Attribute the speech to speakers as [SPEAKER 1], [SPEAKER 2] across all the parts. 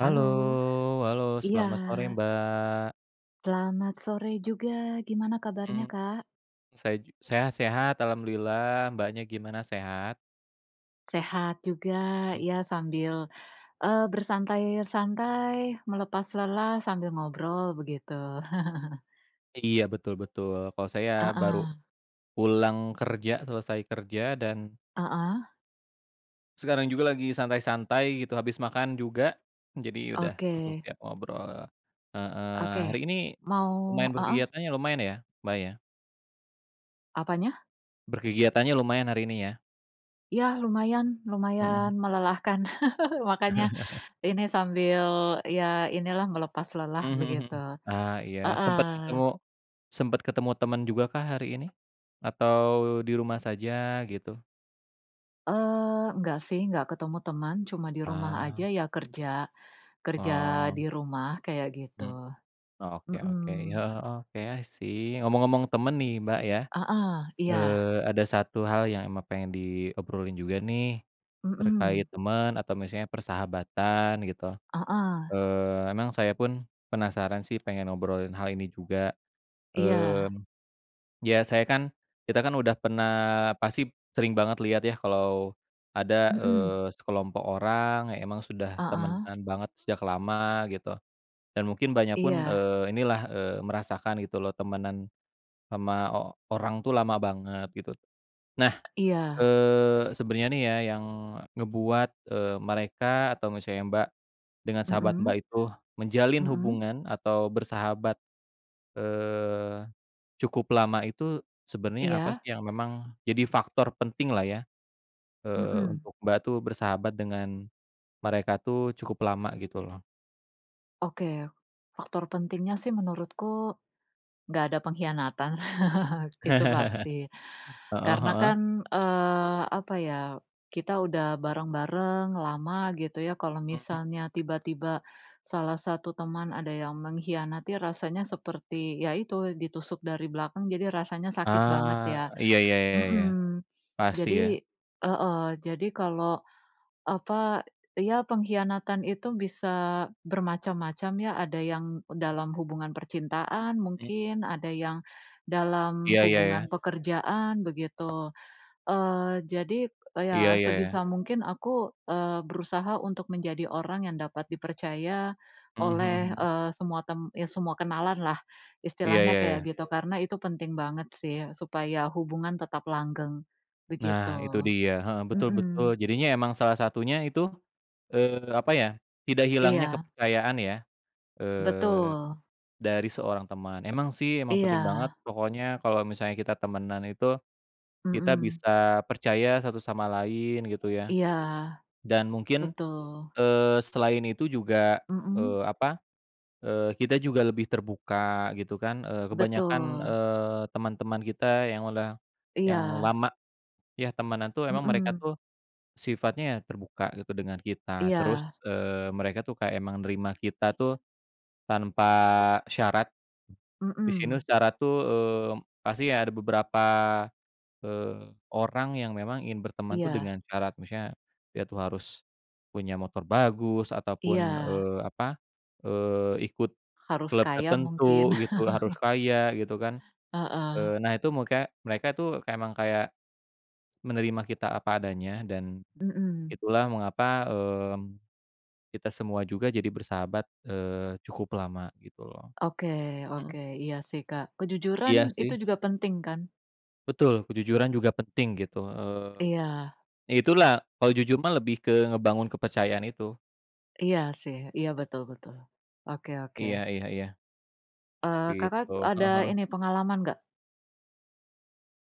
[SPEAKER 1] Halo. Halo.
[SPEAKER 2] Iya.
[SPEAKER 1] Selamat sore, Mbak.
[SPEAKER 2] Selamat sore juga. Gimana kabarnya,
[SPEAKER 1] Mmm.
[SPEAKER 2] Kak?
[SPEAKER 1] Say ju saya sehat alhamdulillah, Mbaknya gimana sehat?
[SPEAKER 2] Sehat juga,
[SPEAKER 1] Hmm.
[SPEAKER 2] iya sambil, eee, bersantai-santai, melepas lelah sambil ngobrol begitu.
[SPEAKER 1] Iya betul-betul. Kalau saya baru
[SPEAKER 2] Heeh.
[SPEAKER 1] pulang kerja, selesai kerja dan
[SPEAKER 2] Heeh.
[SPEAKER 1] sekarang juga lagi santai-santai gitu, habis makan juga, jadi udah langsung
[SPEAKER 2] Oke.
[SPEAKER 1] siap ngobrol heeh.
[SPEAKER 2] Oke,
[SPEAKER 1] Hari ini
[SPEAKER 2] mau
[SPEAKER 1] lumayan
[SPEAKER 2] heeh?
[SPEAKER 1] berkegiatannya lumayan ya, Mbak ya?
[SPEAKER 2] Apanya?
[SPEAKER 1] Berkegiatannya lumayan hari ini ya?
[SPEAKER 2] Ya lumayan, lumayan
[SPEAKER 1] Mhm.
[SPEAKER 2] melelahkan, makanya ini sambil, iya inilah melepas lelah
[SPEAKER 1] Mhm mhm mhm.
[SPEAKER 2] begitu,
[SPEAKER 1] Ah iya sempet ketemu
[SPEAKER 2] heeh.
[SPEAKER 1] sempet ketemu temen juga kah hari ini? Atau di rumah saja gitu?
[SPEAKER 2] Eee, nggak sih, nggak ketemu temen, cuma di rumah aja
[SPEAKER 1] Ah.
[SPEAKER 2] ya kerja, kerja di
[SPEAKER 1] Oh.
[SPEAKER 2] rumah kayak gitu,
[SPEAKER 1] Hmm. Oke oke,
[SPEAKER 2] mhm.
[SPEAKER 1] heeh, eee, oke, i see. Ngomong-ngomong temen nih Mbak ya,
[SPEAKER 2] Heeh, iya.
[SPEAKER 1] eee, ada satu hal yang emang pengen diobrolin juga nih, terkait
[SPEAKER 2] Mhm.
[SPEAKER 1] temen atau misalnya persahabatan gitu.
[SPEAKER 2] Heeh.
[SPEAKER 1] Eee, emang saya pun penasaran sih pengen ngobrolin hal ini juga.
[SPEAKER 2] Iya.
[SPEAKER 1] Mmm, biasanya kan, kita kan udah pernah pasti sering banget lihat ya kalau ada,
[SPEAKER 2] Mhm.
[SPEAKER 1] eee, sekelompok orang yang emang sudah
[SPEAKER 2] Heeh.
[SPEAKER 1] temanan banget sejak lama gitu. Dan mungkin Mbaknya pun,
[SPEAKER 2] Iya.
[SPEAKER 1] eee, inilah, eee, merasakan gitu loh temenan sama o orang tuh lama banget gitu. Nah,
[SPEAKER 2] Iya.
[SPEAKER 1] eee, sebenernya nih ya yang ngebuat, eee, mereka atau misalnya Mbak dengan sahabat
[SPEAKER 2] Mhm.
[SPEAKER 1] Mbak itu, menjalin
[SPEAKER 2] Mhm.
[SPEAKER 1] hubungan atau bersahabat, eee, cukup lama itu sebenernya apa
[SPEAKER 2] Iya.
[SPEAKER 1] sih yang memang jadi faktor penting lah ya, eee,
[SPEAKER 2] Mhm.
[SPEAKER 1] untuk Mbak tuh bersahabat dengan mereka tuh cukup lama gitu loh?
[SPEAKER 2] Oke, faktor pentingnya sih menurutku nggak ada pengkhianatan itu pasti,
[SPEAKER 1] Heeh
[SPEAKER 2] karena
[SPEAKER 1] heeh.
[SPEAKER 2] kan, eee, apa ya, kita udah bareng-bareng, lama, gitu ya. Kalau
[SPEAKER 1] Mhm.
[SPEAKER 2] misalnya tiba-tiba salah satu teman ada yang mengkhianati, rasanya seperti ya itu ditusuk dari belakang. Jadi rasanya sakit banget
[SPEAKER 1] Ah.
[SPEAKER 2] ya.
[SPEAKER 1] Iya iya iya iya.
[SPEAKER 2] Mhm,
[SPEAKER 1] Pasti ya.
[SPEAKER 2] jadi heeh, jadi kalau apa, ya pengkhianatan itu bisa bermacam-macam, ya. Ada yang dalam hubungan percintaan
[SPEAKER 1] Hmm.
[SPEAKER 2] mungkin, ada yang dalam
[SPEAKER 1] Iya iya
[SPEAKER 2] hubungan
[SPEAKER 1] iya.
[SPEAKER 2] pekerjaan begitu. Eee, jadi
[SPEAKER 1] Iya
[SPEAKER 2] ya
[SPEAKER 1] iya iya.
[SPEAKER 2] sebisa mungkin aku, eee, berusaha untuk menjadi orang yang dapat dipercaya
[SPEAKER 1] Mhm mhm
[SPEAKER 2] oleh,
[SPEAKER 1] mhm.
[SPEAKER 2] eee, semua tem ya semua kenalanlah
[SPEAKER 1] Iya
[SPEAKER 2] istilahnya
[SPEAKER 1] iya
[SPEAKER 2] kayak
[SPEAKER 1] iya.
[SPEAKER 2] gitu. Karena itu penting banget sih supaya hubungan tetap langgeng, begitu.
[SPEAKER 1] Nah, itu dia, heeh,
[SPEAKER 2] Mhm.
[SPEAKER 1] betul-betul. Jadinya emang salah satunya itu, eee, apa ya, tidak hilangnya
[SPEAKER 2] Iya.
[SPEAKER 1] kepercayaan ya, eee,
[SPEAKER 2] Betul.
[SPEAKER 1] dari seorang teman. Emang sih, emang penting banget,
[SPEAKER 2] Iya.
[SPEAKER 1] pokoknya kalau misalnya kita temanan itu, kita
[SPEAKER 2] Mhm.
[SPEAKER 1] bisa percaya satu sama lain, gitu ya.
[SPEAKER 2] Iya.
[SPEAKER 1] Dan mungkin,
[SPEAKER 2] Betul.
[SPEAKER 1] eee, selain itu juga,
[SPEAKER 2] Mhm.
[SPEAKER 1] eee, apa, eee, kita juga lebih terbuka, gitu kan. Eee, kebanyakan,
[SPEAKER 2] Betul.
[SPEAKER 1] eee, teman-teman kita yang udah yang
[SPEAKER 2] Iya.
[SPEAKER 1] lama ya temanan tuh, emang mereka
[SPEAKER 2] Mhm.
[SPEAKER 1] tuh sifatnya ya terbuka gitu dengan kita. Terus,
[SPEAKER 2] Iya.
[SPEAKER 1] eee, mereka tuh kayak emang nerima kita tuh tanpa syarat. Di sini
[SPEAKER 2] Mhm.
[SPEAKER 1] syarat tuh, eee, pasti ada beberapa, eee, orang yang memang ingin berteman tuh
[SPEAKER 2] Iya.
[SPEAKER 1] dengan syarat. Maksudnya dia tuh harus punya motor bagus ataupun,
[SPEAKER 2] Iya.
[SPEAKER 1] eee, apa, eee, ikut
[SPEAKER 2] Harus
[SPEAKER 1] klub
[SPEAKER 2] kaya mungkin.
[SPEAKER 1] tertentu gitu, harus kaya, gitu kan.
[SPEAKER 2] Heeh.
[SPEAKER 1] Eee, nah, itu muka mereka itu emang kayak menerima kita apa adanya dan
[SPEAKER 2] Mhm.
[SPEAKER 1] itulah mengapa, eee, kita semua juga jadi bersahabat, eee, cukup lama, gitu loh.
[SPEAKER 2] Oke oke.
[SPEAKER 1] Mhm.
[SPEAKER 2] Iya sih, Kak. Kejujuran
[SPEAKER 1] Iya
[SPEAKER 2] itu
[SPEAKER 1] sih.
[SPEAKER 2] juga penting kan?
[SPEAKER 1] Betul, kejujuran juga penting gitu, eee,
[SPEAKER 2] Iya.
[SPEAKER 1] ya itulah, kalau jujur mah lebih ke ngebangun kepercayaan itu.
[SPEAKER 2] Iya sih, iya betul betul. Oke oke.
[SPEAKER 1] Iya iya iya.
[SPEAKER 2] Eee, Kakak
[SPEAKER 1] Gitu, heeh
[SPEAKER 2] ada
[SPEAKER 1] heeh.
[SPEAKER 2] ini, pengalaman nggak?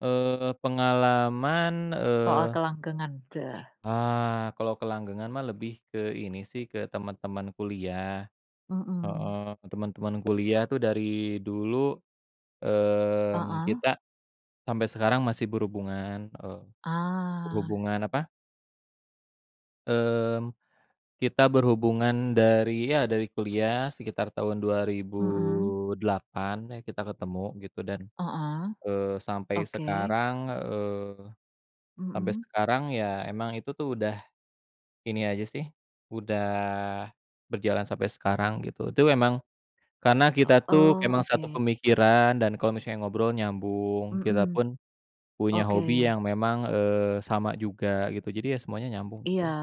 [SPEAKER 1] Eee, pengalaman,
[SPEAKER 2] Soal
[SPEAKER 1] eee
[SPEAKER 2] kelanggengan, ceh.
[SPEAKER 1] Ah, kalau kelanggengan mah lebih ke ini sih, ke teman-teman kuliah, heeh.
[SPEAKER 2] Mhm.
[SPEAKER 1] Teman-teman kuliah tuh dari dulu, mmm,
[SPEAKER 2] Heeh.
[SPEAKER 1] kita sampai sekarang masih berhubungan, eee,
[SPEAKER 2] Ah.
[SPEAKER 1] berhubungan apa mmm, kita berhubungan dari ya dari kuliah sekitar tahun dua ribu
[SPEAKER 2] Mhm.
[SPEAKER 1] delapan, nah kita ketemu gitu, dan,
[SPEAKER 2] Heeh,
[SPEAKER 1] eee, sampai
[SPEAKER 2] oke.
[SPEAKER 1] sekarang eee, sampai
[SPEAKER 2] Mhm.
[SPEAKER 1] sekarang ya emang itu tuh udah, ini aja sih, udah berjalan sampai sekarang gitu. Itu emang karena kita tuh
[SPEAKER 2] Oh,
[SPEAKER 1] emang satu
[SPEAKER 2] oke.
[SPEAKER 1] pemikiran dan kalau misalnya ngobrol nyambung, kita
[SPEAKER 2] Mhm.
[SPEAKER 1] pun, punya hobi
[SPEAKER 2] Oke.
[SPEAKER 1] yang memang, eee, sama juga gitu. Jadi ya semuanya nyambung
[SPEAKER 2] Iya.
[SPEAKER 1] gitu.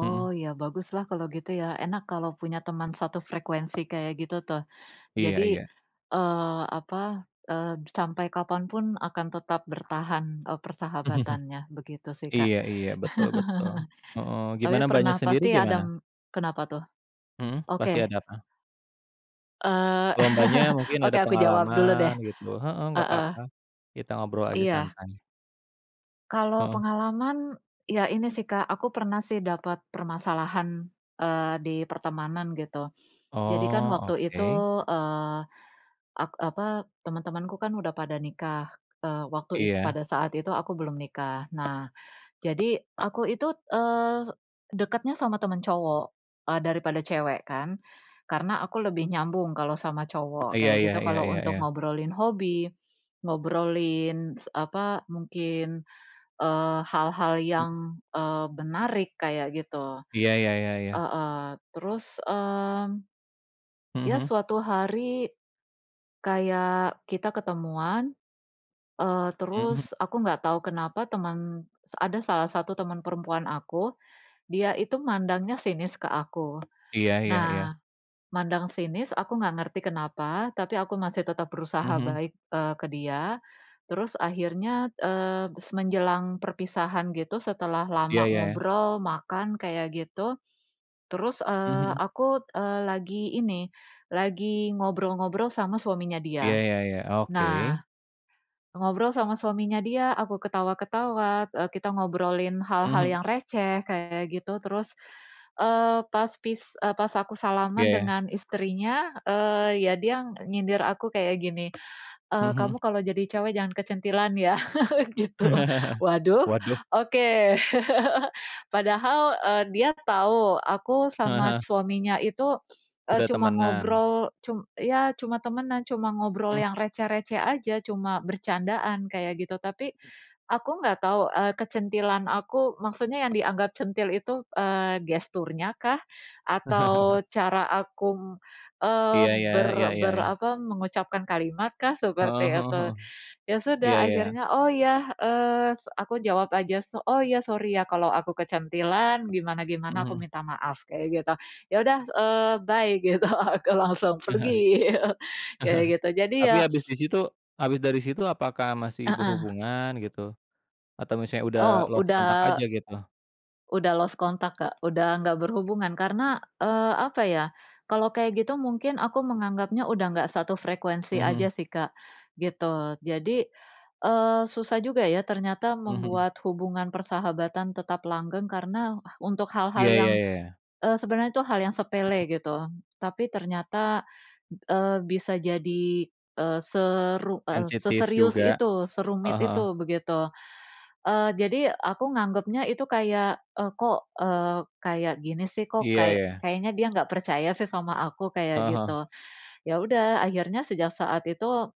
[SPEAKER 1] Mhm.
[SPEAKER 2] ya baguslah kalau gitu ya, enak kalau punya teman satu frekuensi kayak gitu tuh. Jadi,
[SPEAKER 1] Iya iya.
[SPEAKER 2] eee, apa, eee, sampai kapan pun akan tetap bertahan, eee, persahabatannya, begitu sih Kak.
[SPEAKER 1] Iya iya, betul betul. Heeh,
[SPEAKER 2] Tapi
[SPEAKER 1] gimana, Mbaknya
[SPEAKER 2] pernah
[SPEAKER 1] sendiri
[SPEAKER 2] pasti
[SPEAKER 1] gimana?
[SPEAKER 2] adem kenapa tuh?
[SPEAKER 1] Mhm, pasti
[SPEAKER 2] Oke.
[SPEAKER 1] ada apa?
[SPEAKER 2] Eee,
[SPEAKER 1] Kalau Mbaknya mungkin
[SPEAKER 2] oke,
[SPEAKER 1] ada
[SPEAKER 2] aku jawab dulu
[SPEAKER 1] pengalaman
[SPEAKER 2] deh,
[SPEAKER 1] gitu heeh, nggak
[SPEAKER 2] heeh.
[SPEAKER 1] apa-apa, kita ngobrol aja
[SPEAKER 2] Iya.
[SPEAKER 1] santai.
[SPEAKER 2] Kalau
[SPEAKER 1] Heeh.
[SPEAKER 2] pengalaman, ya ini sih, Kak, aku pernah sih dapat permasalahan, eee, di pertemanan gitu. Jadi kan
[SPEAKER 1] Oh,
[SPEAKER 2] waktu itu,
[SPEAKER 1] oke.
[SPEAKER 2] eee, ak apa, teman-temanku kan udah pada nikah, eee, waktu it
[SPEAKER 1] Iya.
[SPEAKER 2] pada saat itu aku belum nikah. Nah, jadi aku itu, eee, dekatnya sama temen cowok, e daripada cewek kan. Karena aku lebih nyambung kalau sama cowok,
[SPEAKER 1] Iya
[SPEAKER 2] kayak
[SPEAKER 1] iya
[SPEAKER 2] gitu
[SPEAKER 1] iya
[SPEAKER 2] kalau
[SPEAKER 1] iya
[SPEAKER 2] untuk
[SPEAKER 1] iya.
[SPEAKER 2] ngobrolin hobi, ngobrolin s apa, mungkin, eee, hal-hal yang, eee, menarik kayak gitu.
[SPEAKER 1] Iya, ya ya ya.
[SPEAKER 2] Heeh, terus, mmm,
[SPEAKER 1] Mhm
[SPEAKER 2] ya
[SPEAKER 1] mhm.
[SPEAKER 2] suatu hari kayak kita ketemuan, eee,
[SPEAKER 1] Mhm.
[SPEAKER 2] terus aku nggak tahu kenapa teman ada salah satu teman perempuan aku, dia itu mandangnya sinis ke aku.
[SPEAKER 1] Iya iya iya.
[SPEAKER 2] Nah, mandang sinis, aku nggak ngerti kenapa, tapi aku masih tetap berusaha
[SPEAKER 1] Mhm.
[SPEAKER 2] baik, eee, ke dia, terus akhirnya, eee, menjelang perpisahan gitu, setelah
[SPEAKER 1] Iya,
[SPEAKER 2] lama
[SPEAKER 1] ya ya.
[SPEAKER 2] ngobrol, makan kayak gitu, terus, eee,
[SPEAKER 1] Mhm.
[SPEAKER 2] aku, eee, lagi ini, lagi ngobrol-ngobrol sama suaminya
[SPEAKER 1] Iya,
[SPEAKER 2] dia.
[SPEAKER 1] ya ya, oke.
[SPEAKER 2] Nah, ngobrol sama suaminya dia, aku ketawa-ketawa, e kita ngobrolin hal-hal
[SPEAKER 1] Mhm.
[SPEAKER 2] yang receh, kayak gitu, terus, eee, pas pis e pas aku salaman
[SPEAKER 1] Iya.
[SPEAKER 2] dengan istrinya, eee, ya dia nyindir aku kayak gini, eee,
[SPEAKER 1] Mhm.
[SPEAKER 2] "Kamu kalau jadi cewek jangan kecentilan ya." gitu. Waduh,
[SPEAKER 1] Waduh.
[SPEAKER 2] oke. Padahal, eee, dia tahu, aku
[SPEAKER 1] Heeh
[SPEAKER 2] sama
[SPEAKER 1] heeh.
[SPEAKER 2] suaminya itu, eee,
[SPEAKER 1] Udah
[SPEAKER 2] cuma
[SPEAKER 1] temenan.
[SPEAKER 2] ngobrol, cum ya, cuma temanan, cuma ngobrol
[SPEAKER 1] Mhm.
[SPEAKER 2] yang receh-receh aja, cuma bercandaan, kayak gitu. Tapi
[SPEAKER 1] Mhm.
[SPEAKER 2] aku nggak tahu, eee, kecentilan aku maksudnya yang dianggap centil itu, eee, gesturnya kah, atau cara aku, eee,
[SPEAKER 1] Iya, ya, iya
[SPEAKER 2] ber
[SPEAKER 1] iya,
[SPEAKER 2] ber
[SPEAKER 1] ya.
[SPEAKER 2] apa, mengucapkan kalimatkah
[SPEAKER 1] Heeh
[SPEAKER 2] seperti
[SPEAKER 1] heeh
[SPEAKER 2] itu.
[SPEAKER 1] heeh.
[SPEAKER 2] Ya sudah,
[SPEAKER 1] Iya, ya ya.
[SPEAKER 2] akhirnya, "Oh ya" eee, aku jawab aja, "Oh ya, sorry ya kalau aku kecentilan,
[SPEAKER 1] Heeh
[SPEAKER 2] gimana-gimana aku
[SPEAKER 1] heeh.
[SPEAKER 2] minta maaf." Kayak gitu. "Ya sudah," eee, "bye!" gitu, aku langsung
[SPEAKER 1] Eh, heeh,
[SPEAKER 2] pergi, kayak gitu. Jadi
[SPEAKER 1] tapi
[SPEAKER 2] ya
[SPEAKER 1] habis di situ habis dari situ apakah masih
[SPEAKER 2] Heeh.
[SPEAKER 1] berhubungan gitu? Atau misalnya udah
[SPEAKER 2] Oh,
[SPEAKER 1] lost contact aja
[SPEAKER 2] udah
[SPEAKER 1] gitu?
[SPEAKER 2] udah lost contact, Kak, udah nggak berhubungan. Karena, eee, apa ya, kalau kayak gitu mungkin aku menganggapnya udah nggak satu frekuensi aja
[SPEAKER 1] Mhm.
[SPEAKER 2] sih Kak, gitu. Jadi, eee, susah juga ya ternyata
[SPEAKER 1] Mhm.
[SPEAKER 2] membuat hubungan persahabatan tetap langgeng karena, untuk hal-hal
[SPEAKER 1] Iya,
[SPEAKER 2] yang,
[SPEAKER 1] ya ya ya.
[SPEAKER 2] eee, sebenarnya tuh hal yang sepele gitu. Tapi ternyata, eee, bisa jadi, eee, seru
[SPEAKER 1] Sensitif
[SPEAKER 2] seserius
[SPEAKER 1] juga.
[SPEAKER 2] itu, serumit
[SPEAKER 1] Heeh heeh.
[SPEAKER 2] itu, begitu. Eee, jadi aku nganggepnya itu kayak, "E kok, eee, kayak gini sih, kok
[SPEAKER 1] Iya,
[SPEAKER 2] kayak
[SPEAKER 1] ya.
[SPEAKER 2] kayaknya dia nggak percaya sih sama aku?" Kayak
[SPEAKER 1] Heeh, heeh.
[SPEAKER 2] gitu. Ya udah akhirnya sejak saat itu,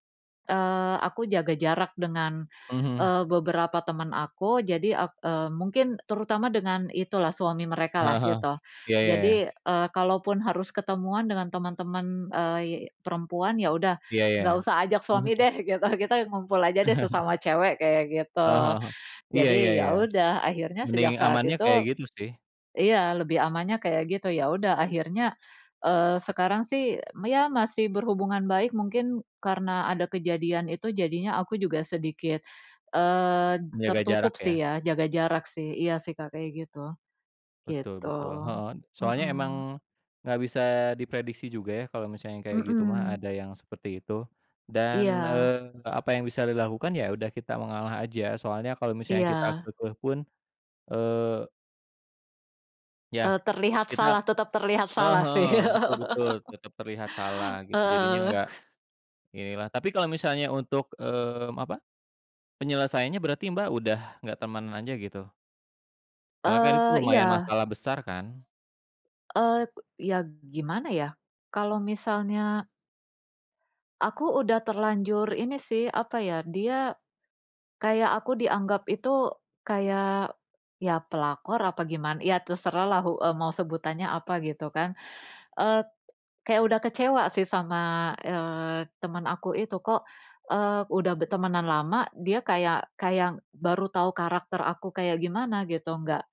[SPEAKER 2] eee, aku jaga jarak dengan,
[SPEAKER 1] Mhm.
[SPEAKER 2] eee, beberapa teman aku, jadi ak e mungkin terutama dengan itu lah, suami mereka
[SPEAKER 1] Heeh
[SPEAKER 2] lah
[SPEAKER 1] heeh.
[SPEAKER 2] gitu.
[SPEAKER 1] Iya, ya ya.
[SPEAKER 2] Jadi, eee, kalaupun harus ketemuan dengan teman-teman, ey perempuan, ya udah,
[SPEAKER 1] Iya, ya ya.
[SPEAKER 2] nggak usah ajak suami
[SPEAKER 1] Mhm.
[SPEAKER 2] deh gitu, kita ngumpul aja deh sesama cewek, kayak gitu.
[SPEAKER 1] Heeh heeh. Iya, ya
[SPEAKER 2] Jadi, ya
[SPEAKER 1] ya.
[SPEAKER 2] udah, akhirnya
[SPEAKER 1] Mending
[SPEAKER 2] sejak saat
[SPEAKER 1] amannya kayak
[SPEAKER 2] itu
[SPEAKER 1] gitu sih.
[SPEAKER 2] iya, lebih amannya kayak gitu. Ya udah akhirnya, eee, sekarang sih ya masih berhubungan baik, mungkin karena ada kejadian itu jadinya aku juga sedikit, eee,
[SPEAKER 1] Menjaga
[SPEAKER 2] tertutup
[SPEAKER 1] jarak
[SPEAKER 2] sih,
[SPEAKER 1] ya.
[SPEAKER 2] ya, jaga jarak sih iya sih Kak, kayak gitu.
[SPEAKER 1] Betul
[SPEAKER 2] Gitu.
[SPEAKER 1] betul. Heeh, soalnya emang,
[SPEAKER 2] Mhm.
[SPEAKER 1] enggak bisa diprediksi juga ya, kalau misalnya kayak gitu mah,
[SPEAKER 2] Mhm.
[SPEAKER 1] ada yang seperti itu. Dan,
[SPEAKER 2] Iya.
[SPEAKER 1] eee, apa yang bisa dilakukan, ya udah kita mengalah aja. Soalnya kalau misalnya kita
[SPEAKER 2] Iya.
[SPEAKER 1] keukeuh pun, eee Ya,
[SPEAKER 2] Eee, terlihat
[SPEAKER 1] kita
[SPEAKER 2] salah tetap terlihat
[SPEAKER 1] eee,
[SPEAKER 2] salah
[SPEAKER 1] heeh,
[SPEAKER 2] sih.
[SPEAKER 1] betul betul. Tetep terlihat salah gitu, jadinya
[SPEAKER 2] Heeh.
[SPEAKER 1] nggak, inilah. Tapi kalau misalnya untuk, mmm, apa, penyelesaiannya berarti Mbak, udah nggak temenan aja gitu? Karena kan itu
[SPEAKER 2] Eee,
[SPEAKER 1] lumayan
[SPEAKER 2] iya.
[SPEAKER 1] masalah besar kan?
[SPEAKER 2] Eee, k iya g gimana ya, kalau misalnya aku udah terlanjur ini sih, apa ya, dia kayak aku dianggap itu kayak ya pelakor apa giman ya terserahlah, hu mau sebutannya apa gitu kan, eee, kayak udah kecewa sih sama, eee, temen aku itu. Kok, eee, udah bertemanan lama dia kayak kayak baru tahu karakter aku kayak gimana gitu. Nggak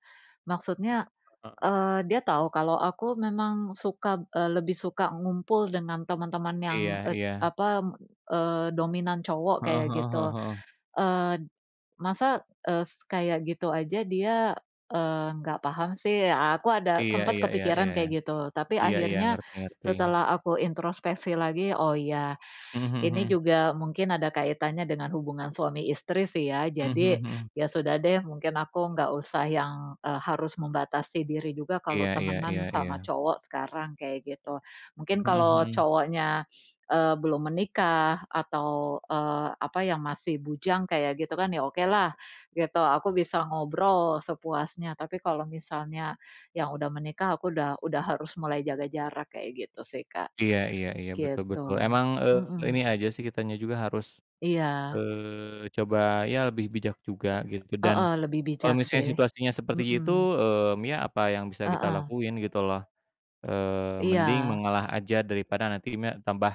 [SPEAKER 2] maksudnya,
[SPEAKER 1] Heeh.
[SPEAKER 2] eee, dia tahu kalau aku memang suka eee, lebih suka ngumpul dengan teman-teman yang,
[SPEAKER 1] Iya
[SPEAKER 2] e
[SPEAKER 1] iya.
[SPEAKER 2] apa, eee, dominan cowok
[SPEAKER 1] Heeh
[SPEAKER 2] kayak
[SPEAKER 1] heeh
[SPEAKER 2] gitu.
[SPEAKER 1] heeh heeh.
[SPEAKER 2] Eee, "Masa, es kayak gitu aja dia, eee, nggak paham sih." A aku ada
[SPEAKER 1] Iya
[SPEAKER 2] sempet
[SPEAKER 1] iya iya iya
[SPEAKER 2] kepikiran
[SPEAKER 1] iya iya.
[SPEAKER 2] kayak gitu. Tapi
[SPEAKER 1] Iya iya,
[SPEAKER 2] akhirnya
[SPEAKER 1] ngerti ngerti.
[SPEAKER 2] setelah aku introspeksi lagi. "Oh iya.
[SPEAKER 1] Mhm mhm
[SPEAKER 2] Ini
[SPEAKER 1] mhm.
[SPEAKER 2] juga mungkin ada kaitannya dengan hubungan suami istri sih ya.
[SPEAKER 1] Mhm
[SPEAKER 2] Jadi
[SPEAKER 1] mhm mhm.
[SPEAKER 2] ya sudah deh, mungkin aku enggak usah yang, eee, harus membatasi diri juga kalau
[SPEAKER 1] Iya iya iya
[SPEAKER 2] temanan sama
[SPEAKER 1] iya.
[SPEAKER 2] cowok sekarang," kayak gitu. Mungkin
[SPEAKER 1] Mhm
[SPEAKER 2] kalau
[SPEAKER 1] mhm.
[SPEAKER 2] cowoknya, eee, belum menikah atau, eee, apa, yang masih bujang kayak gitu kan, ya okelah gitu, aku bisa ngobrol sepuasnya. Tapi, kalau misalnya yang udah menikah, aku udah udah harus mulai jaga jarak kayak gitu sih, Kak.
[SPEAKER 1] Iya iya iya, betul
[SPEAKER 2] Gitu,
[SPEAKER 1] betul. Emang, eee, ini
[SPEAKER 2] mhm.
[SPEAKER 1] aja sih kitanya juga harus,
[SPEAKER 2] Iya.
[SPEAKER 1] eee, coba ya lebih bijak juga gitu, dan
[SPEAKER 2] Heeh, lebih
[SPEAKER 1] kalau
[SPEAKER 2] bijak
[SPEAKER 1] misalnya
[SPEAKER 2] sih,
[SPEAKER 1] situasinya seperti itu,
[SPEAKER 2] mhm.
[SPEAKER 1] mmm, ya apa yang bisa kita
[SPEAKER 2] Heeh.
[SPEAKER 1] lakuin gitu loh. Eee, mending
[SPEAKER 2] Iya.
[SPEAKER 1] mengalah aja daripada nanti mek tambah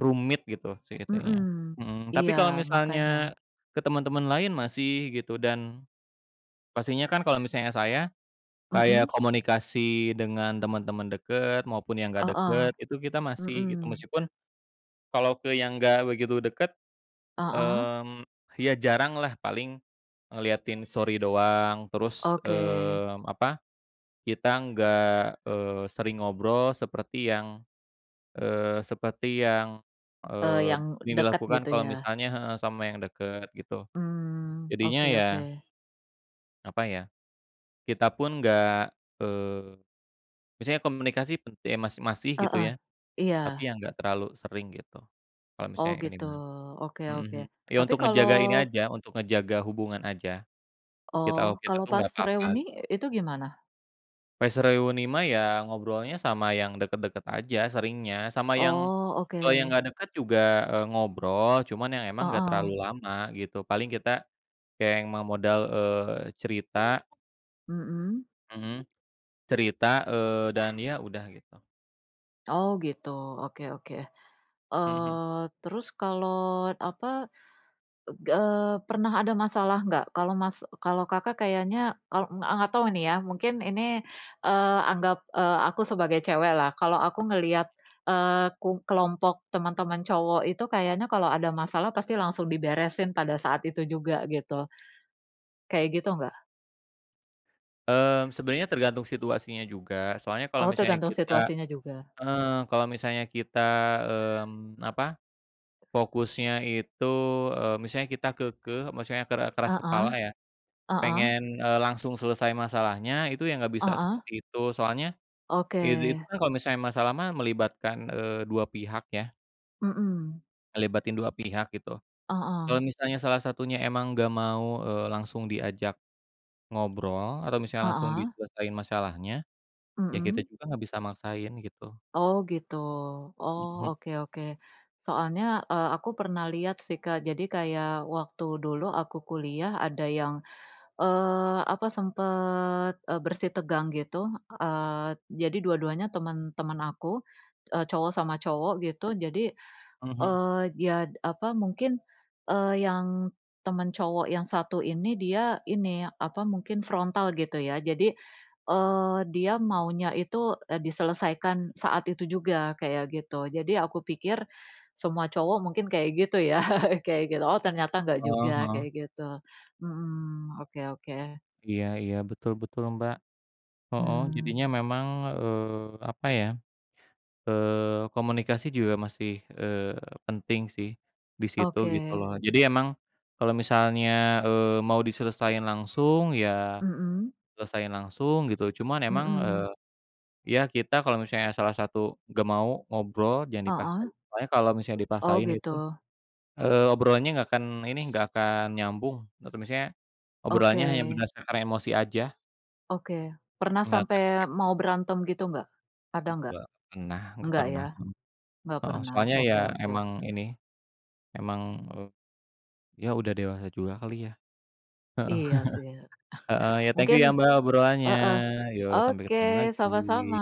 [SPEAKER 1] rumit gitu sih itunya
[SPEAKER 2] Mhm.
[SPEAKER 1] mhm. Tapi
[SPEAKER 2] Iya,
[SPEAKER 1] kalau
[SPEAKER 2] makanya.
[SPEAKER 1] misalnya ke temen-temen lain masih gitu dan pastinya kan kalau misalnya saya, kayak
[SPEAKER 2] Mhm?
[SPEAKER 1] komunikasi dengan temen-temen dekat, maupun yang nggak
[SPEAKER 2] Heeh.
[SPEAKER 1] deket itu kita masih gitu.
[SPEAKER 2] Mhm.
[SPEAKER 1] Meskipun kalau ke yang enggak begitu dekat,
[SPEAKER 2] Heeh?
[SPEAKER 1] mmm, ya jaranglah paling ngeliatin story doang, terus,
[SPEAKER 2] Oke.
[SPEAKER 1] mmm, apa, kita enggak, eee, sering ngobrol seperti yang, eee, seperti yang,
[SPEAKER 2] Eee,
[SPEAKER 1] eee,
[SPEAKER 2] yang dekat gitu
[SPEAKER 1] dilakukan kalau
[SPEAKER 2] ya?
[SPEAKER 1] misalnya heeh, sama yang deket gitu.
[SPEAKER 2] Mmm,
[SPEAKER 1] Jadinya
[SPEAKER 2] oke
[SPEAKER 1] ya
[SPEAKER 2] oke.
[SPEAKER 1] Apa ya, kita pun enggak, eee, misalnya komunikasi pen eh, mas masih gitu
[SPEAKER 2] Heeh,
[SPEAKER 1] ya, tapi
[SPEAKER 2] iya.
[SPEAKER 1] ya, enggak terlalu sering gitu, kalau
[SPEAKER 2] Oh,
[SPEAKER 1] misalnya ini
[SPEAKER 2] gitu,
[SPEAKER 1] mah.
[SPEAKER 2] oke
[SPEAKER 1] Mhm,
[SPEAKER 2] oke.
[SPEAKER 1] hmm, ya,
[SPEAKER 2] Tapi
[SPEAKER 1] untuk ngejaga ini
[SPEAKER 2] kalau
[SPEAKER 1] aja, untuk ngejaga hubungan aja. Kita
[SPEAKER 2] Oh,
[SPEAKER 1] waktu itu
[SPEAKER 2] kalau
[SPEAKER 1] tuh,
[SPEAKER 2] pas
[SPEAKER 1] enggak apa-apa,
[SPEAKER 2] reuni
[SPEAKER 1] gitu.
[SPEAKER 2] itu gimana?
[SPEAKER 1] Pas reuni mah ya, ngobrolnya sama yang deket-deket aja seringnya, sama yang
[SPEAKER 2] Oh, oke.
[SPEAKER 1] kalau yang enggak deket juga, eee, ngobrol cuman yang emang enggak
[SPEAKER 2] Heeh.
[SPEAKER 1] terlalu lama gitu. Paling kita kayak yang mau modal, eee, cerita.
[SPEAKER 2] Mhm.
[SPEAKER 1] Mhm, cerita, eee, dan ya, udah gitu.
[SPEAKER 2] Oh gitu, oke oke.
[SPEAKER 1] Mhm.
[SPEAKER 2] Eee, terus kalau apa eg eee, pernah ada masalah enggak? Kalau Mas kalau Kakak kayaknya kalau enggak enggak tahu nih ya, mungkin ini, eee, anggap, eee, aku sebagai cewek lah. Kalau aku ngelihat, eee, kung kelompok teman-teman cowok itu kayaknya kalau ada masalah pasti langsung diberesin pada saat itu juga gitu. Kayak gitu enggak?
[SPEAKER 1] Mmm, sebenarnya tergantung situasinya juga, soalnya kalau
[SPEAKER 2] Oh,
[SPEAKER 1] misalnya
[SPEAKER 2] tergantung
[SPEAKER 1] kita,
[SPEAKER 2] situasinya juga.
[SPEAKER 1] eee, kalau misalnya kita, mmm, apa, fokusnya itu, eee, misalnya kita keukeuh, maksudnya kera keras
[SPEAKER 2] Heeh
[SPEAKER 1] kepala ya,
[SPEAKER 2] heeh.
[SPEAKER 1] pengen, eee, langsung selesai masalahnya, itu ya enggak bisa
[SPEAKER 2] Heeh.
[SPEAKER 1] seperti itu, soalnya, itu
[SPEAKER 2] Oke.
[SPEAKER 1] itu kan kalau misalnya masalah mah melibatkan, eee, 2 pihak ya.
[SPEAKER 2] Mhm.
[SPEAKER 1] Ngelibatin 2 pihak, gitu. Kalau
[SPEAKER 2] Heeh.
[SPEAKER 1] misalnya salah satunya emang enggak mau, eee, langsung diajak ngobrol, atau misalnya langsung
[SPEAKER 2] Heeh.
[SPEAKER 1] diselesain masalahnya, ya kita
[SPEAKER 2] Mhm.
[SPEAKER 1] juga enggak bisa maksain, gitu.
[SPEAKER 2] Oh gitu. Oh,
[SPEAKER 1] Mhm.
[SPEAKER 2] oke oke. Soalnya, eee, aku pernah lihat sih Kak. Jadi kayak waktu dulu aku kuliah ada yang, eee, apa, sempat, eee, bersitegang, gitu. Eee, jadi dua-duanya teman-teman aku, e cowok sama cowok, gitu. Jadi,
[SPEAKER 1] Mhm.
[SPEAKER 2] eee, ya, apa, mungkin, eee, yang teman cowok yang satu ini, dia ini, apa, mungkin frontal gitu ya. Jadi, eee, dia maunya itu, e diselesaikan saat itu juga, kayak gitu. Jadi aku pikir, semua cowok mungkin kayak gitu ya, kayak gitu. Oh, ternyata enggak
[SPEAKER 1] Oh,
[SPEAKER 2] juga,
[SPEAKER 1] heeh.
[SPEAKER 2] kayak gitu. Hmm, oke oke.
[SPEAKER 1] Iya iya, betul betul, Mbak. Heeh, jadinya
[SPEAKER 2] Mmm.
[SPEAKER 1] memang, eee, apa ya, eee, komunikasi juga masih, eee, penting sih, di situ, gitu
[SPEAKER 2] Oke.
[SPEAKER 1] loh. Jadi emang kalau misalnya, eee, mau diselesain langsung ya,
[SPEAKER 2] Mhm.
[SPEAKER 1] selesain langsung, gitu. Cuman emang, eee,
[SPEAKER 2] Mhm.
[SPEAKER 1] ya kita kalau misalnya salah satu nggak mau ngobrol, jangan
[SPEAKER 2] Heeh.
[SPEAKER 1] dipaksain. Soalnya kalau misalnya
[SPEAKER 2] Oh
[SPEAKER 1] dipaksain itu,
[SPEAKER 2] gitu.
[SPEAKER 1] eee, obrolannya nggak akan ini, nggak akan nyambung, atau misalnya, obrolannya hanya
[SPEAKER 2] Oke.
[SPEAKER 1] berdasarkan emosi aja.
[SPEAKER 2] Oke. Pernah
[SPEAKER 1] Enggak akan
[SPEAKER 2] sampai
[SPEAKER 1] efektif.
[SPEAKER 2] mau berantem gitu nggak? Ada nggak?
[SPEAKER 1] Enggak pernah enggak
[SPEAKER 2] Enggak
[SPEAKER 1] pernah,
[SPEAKER 2] ya?
[SPEAKER 1] hmm.
[SPEAKER 2] Enggak
[SPEAKER 1] Heeh,
[SPEAKER 2] pernah,
[SPEAKER 1] soalnya ya
[SPEAKER 2] oke oke.
[SPEAKER 1] emang ini, emang, e ya udah dewasa juga kali ya. Heeh.
[SPEAKER 2] Iya sih,
[SPEAKER 1] Heeh, ya thank you
[SPEAKER 2] mungkin,
[SPEAKER 1] ya Mbak,
[SPEAKER 2] eh
[SPEAKER 1] obrolannya.
[SPEAKER 2] heeh.
[SPEAKER 1] Yo, sampai
[SPEAKER 2] Oke,
[SPEAKER 1] ketemu
[SPEAKER 2] sama-sama.
[SPEAKER 1] lagi.